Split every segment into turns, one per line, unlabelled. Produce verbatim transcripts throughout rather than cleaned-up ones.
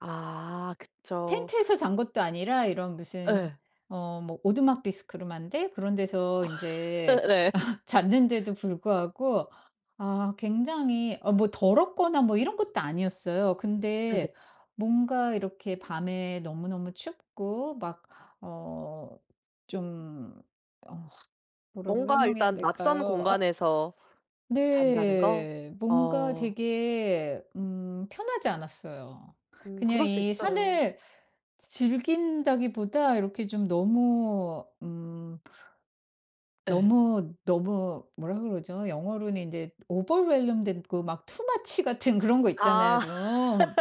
아 그쵸.
텐트에서 잔 것도 아니라 이런 무슨
예.
어 뭐 오두막 비스코롬한데 그런 데서 인제
네.
잤는데도 불구하고 아 굉장히 어 뭐 더럽거나 뭐 이런 것도 아니었어요.
네네.
근데 뭔가 이렇게 밤에 너무너무 춥고 막 어 좀 어 뭐라고
뭔가
설명해야
일단 낯선
될까요? 아.
공간에서 잔다는 거?
네. 뭔가
어.
되게 음 편하지 않았어요.
음
그냥
그럴 수
이
있어요.
산을 즈 즐긴다기보다 이렇게 좀 너무 음
예.
너무 너무 뭐라 그러죠? 영어로는 인제 overwhelmed 됐고 막 too much 같은 그런 거 있잖아요,
아.
좀.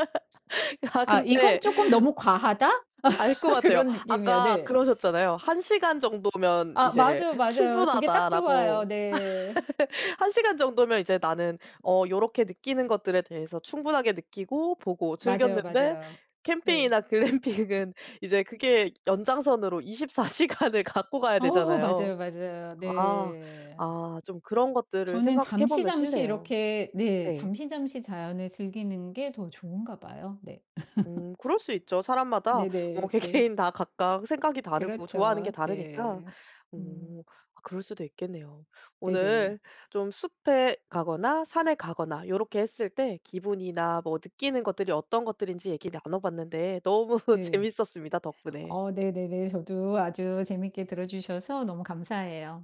아
'아 이건
근데
조금 너무 과하다.'
알 것 같아요.
그런 느낌이요.
아까
네.
그러셨잖아요. "한 시간 정도면
아
이제
맞아요, 맞아요. 그게 딱 좋아요.
충분하다."라고.
네.
한 시간 정도면 이제 나는 어 요렇게 느끼는 것들에 대해서 충분하게 느끼고 보고
맞아요,
즐겼는데
맞아요. 네.
캠핑이나 글램핑은 이제 그게 연장선으로 이십 사 시간을 갖고 가야
아어어
되잖아요.
맞아요, 맞아요.
아.
네.
아 좀 그런 것들을
저는
생각해
잠시
보면
잠시
싫네요.
이렇게 네.
네.
잠시 잠시 자연을 즐기는 게 더 좋은가 봐요. 네.
음 그럴 수 있죠. 사람마다 뭐
네네. 네.
개개인 다 각각 생각이 다르고 좋아하는 게
그렇죠.
다르니까.
네. 음.
어. 아 그럴 수도 있겠네요.
네네.
오늘 좀 숲에 가거나 산에 가거나 요렇게 했을 때 기분이나 뭐 느끼는 것들이 어떤 것들인지 얘기 나눠 봤는데 너무
네.
재밌었습니다, 덕분에.
어 네네네. 저도 아주 재미있게 들어주셔서 너무 감사해요.